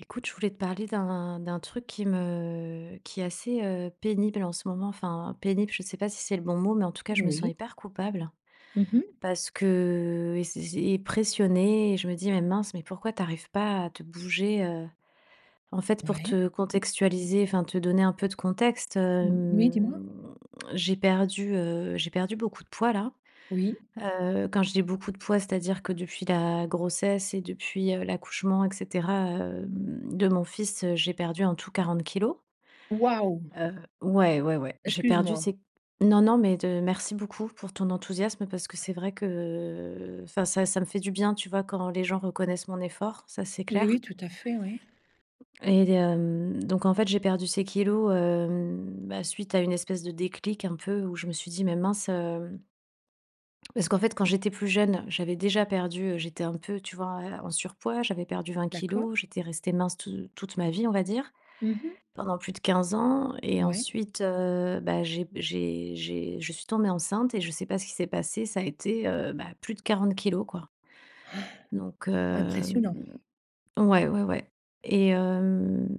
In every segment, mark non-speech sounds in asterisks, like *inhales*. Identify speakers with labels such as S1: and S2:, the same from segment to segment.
S1: Écoute, je voulais te parler d'un d'un truc qui me qui est assez, heu, pénible en ce moment. Enfin, pénible, je sais pas si c'est le bon mot, mais en tout cas je me sens
S2: Oui.
S1: hyper coupable.
S2: Mmh mh.
S1: Parce que et c'est c'est et pressionnée et je me dis: «Mais mince, mais pourquoi t'arrives pas à te bouger» heu, en fait pour
S2: Ouais.
S1: te contextualiser, enfin te donner un peu de contexte,
S2: Oui, dis-moi.
S1: hem, j'ai perdu heu, j'ai perdu beaucoup de poids là.
S2: Oui.
S1: Heu, quand je dis: «Beaucoup de poids», c'est à dire que depuis la grossesse et depuis, heu, l'accouchement et cetera, hem, de mon fils, heu, j'ai perdu en tout 40 kilogrammes.
S2: Waouh!
S1: Heu ouais, ouais, ouais. J'ai
S2: Excuse
S1: perdu
S2: moi.
S1: ces non, non, mais de merci beaucoup pour ton enthousiasme, parce que c'est vrai qu'enfin ça ça me fait du bien, tu vois? Quand les gens reconnaissent mon effort, ça, c'est
S2: Oui,
S1: clair.
S2: oui, tout à fait, oui.
S1: Et hem, donc en fait, j'ai perdu ces kilogrammes, hem, bah, suite à une espèce de déclic un peu où je me suis dit: «Mais mince, heu» parce qu'en fait, quand j'étais plus jeune, j'avais déjà perdu heu, j'étais un peu tu vois, heu, en surpoids. J'avais perdu 20 kilogrammes,
S2: D'accord.
S1: j'étais restée mince te toute ma vie, on va dire.
S2: Mmh mh.
S1: Pendant plus de 15 ans et
S2: Ouais.
S1: ensuite heu, bah, j'ai b j'ai j'ai je suis tombée enceinte et je sais pas ce qu'il s'est passé, ça a été, heu, bah, plus de 40 kilogrammes, quoi.
S2: *inhales*
S1: Donc
S2: Impressionnant.
S1: hem. Ouais, ouais, ouais. Et hem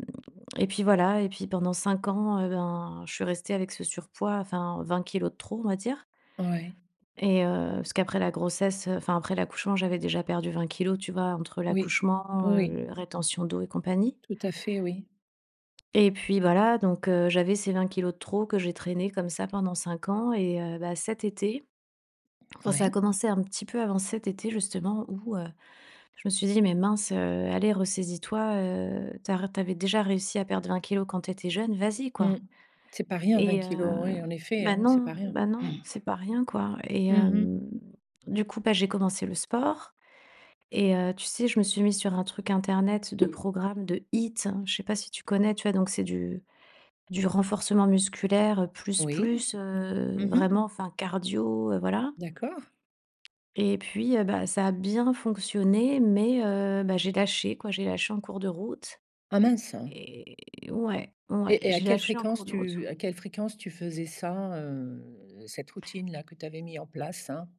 S1: et puis voilà. Et puis pendant 5 ans et ben, je suis restée avec ce surpoids enfin: «20 kilogrammes de trop», on va dire.
S2: Ouais.
S1: Et heu, parce qu'après la grossesse, heu, enfin après l'accouchement, j'avais déjà perdu 20 kilogrammes, tu vois, entre
S2: Oui.
S1: l'accouchement,
S2: Oui.
S1: heu, rétention d'eau et compagnie.
S2: Tout à fait, oui.
S1: Et puis bah là, donc heu, j'avais ces 20 kilogrammes de trop que j'ai traîné comme ça pendant 5 ans et heu, bah, cet été, enfin, ça a
S2: Ouais.
S1: commencé un petit peu avant cet été justement où, heu, je me suis dit: «Mais mince, heu, allez ressaisis toi, heu, t'arr tu avais déjà réussi à perdre 20 kilogrammes quand tu étais jeune, vas-y
S2: Mmh.
S1: quoi!»
S2: C'est pas rien 20
S1: et heu
S2: kilogrammes, oui en effet,
S1: ben,
S2: hein, c'est
S1: non
S2: pas rien.
S1: ben, non,
S2: *inhales*
S1: c'est pas rien quoi. Et
S2: Mmh mh.
S1: hem, du coup, bah, j'ai commencé le sport et heu, tu sais je me suis mise sur un truc internet de programmes de HIIT. Je sais pas si tu connais, tu vois donc c'est du du renforcement musculaire plus,
S2: Oui.
S1: plus, heu,
S2: Mmh mh.
S1: vraiment, enfin, cardio heu, voilà.
S2: D'accord.
S1: Et puis, heu, bah, ça a bien fonctionné mais heu, bah, j'ai lâché quoi. J'ai lâché en cours de route
S2: Ah mince.
S1: et ouais. Ouais,
S2: Et et à
S1: j'ai
S2: quelle
S1: lâché en cours
S2: fréquence
S1: de route.
S2: tu à quelle fréquence tu faisais ça, heu, cette routine là que tu avais mis en place, hein?